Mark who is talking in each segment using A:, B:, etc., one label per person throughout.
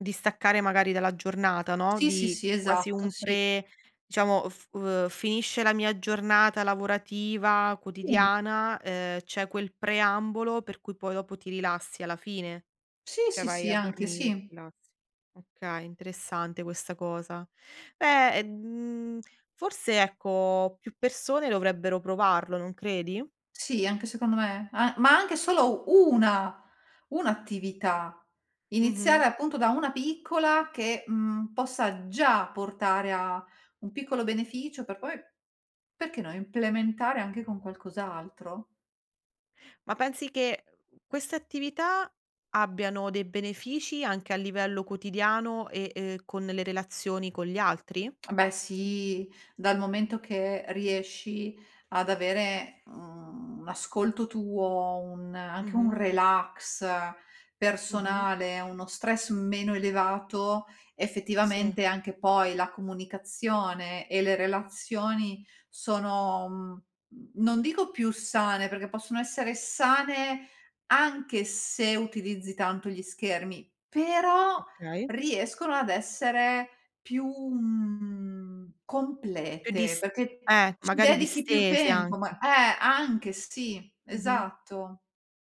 A: Di staccare magari dalla giornata, no,
B: Sì, sì,
A: di
B: sì,
A: quasi
B: esatto,
A: un
B: sì.
A: pre diciamo, f uhm, f finisce la mia giornata lavorativa
B: Sì.
A: quotidiana, uhm, c'è quel preambolo per cui poi dopo ti rilassi alla fine,
B: Sì,
A: cioè
B: sì,
A: vai
B: sì,
A: a
B: anche,
A: dormire e ti
B: sì.
A: rilassi. Okay, interessante questa cosa. Eh, mhmm, forse, ecco, più persone dovrebbero provarlo, non credi?
B: Sì, anche secondo me, a ma anche solo una 1 attività. Iniziare
A: Mh-mh.
B: appunto da una piccola che, mhmm, possa già portare a un piccolo beneficio per poi, perché no, implementare anche con qualcos'altro.
A: Ma pensi che, uhm, queste attività abbiano dei benefici anche a livello quotidiano e, uhm, con le relazioni con gli altri?
B: Beh, sì, dal momento che riesci ad avere, mhmm, un ascolto tuo, un anche un
A: Mh-mh.
B: relax
A: Mh-mh.
B: personale, uno stress meno elevato,
A: Sì.
B: effettivamente anche poi la comunicazione e le relazioni sono, mhmm, non dico più sane, perché possono essere sane anche se utilizzi tanto gli schermi, però
A: Okay.
B: riescono ad essere più, mhmm,
A: Più
B: complete,
A: dist
B: perché
A: eh,
B: ci
A: magari
B: dedichi più
A: distese
B: tempo
A: anche.
B: ma eh, anche, sì,
A: Mh-mh.
B: esatto.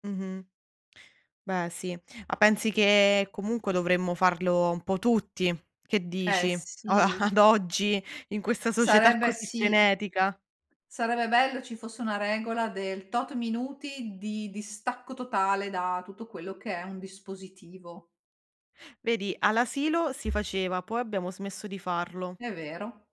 A: Mh-mh. Beh sì, ma pensi che comunque dovremmo farlo un po' tutti? Che
B: Eh
A: dici a
B: sì.
A: ad oggi, in questa società
B: Sarebbe
A: così
B: sì.
A: frenetica?
B: Sarebbe bello ci fosse una regola del tot minuti di distacco totale da tutto quello che è un dispositivo.
A: Vedi, all'asilo si faceva, poi abbiamo smesso di farlo.
B: È vero.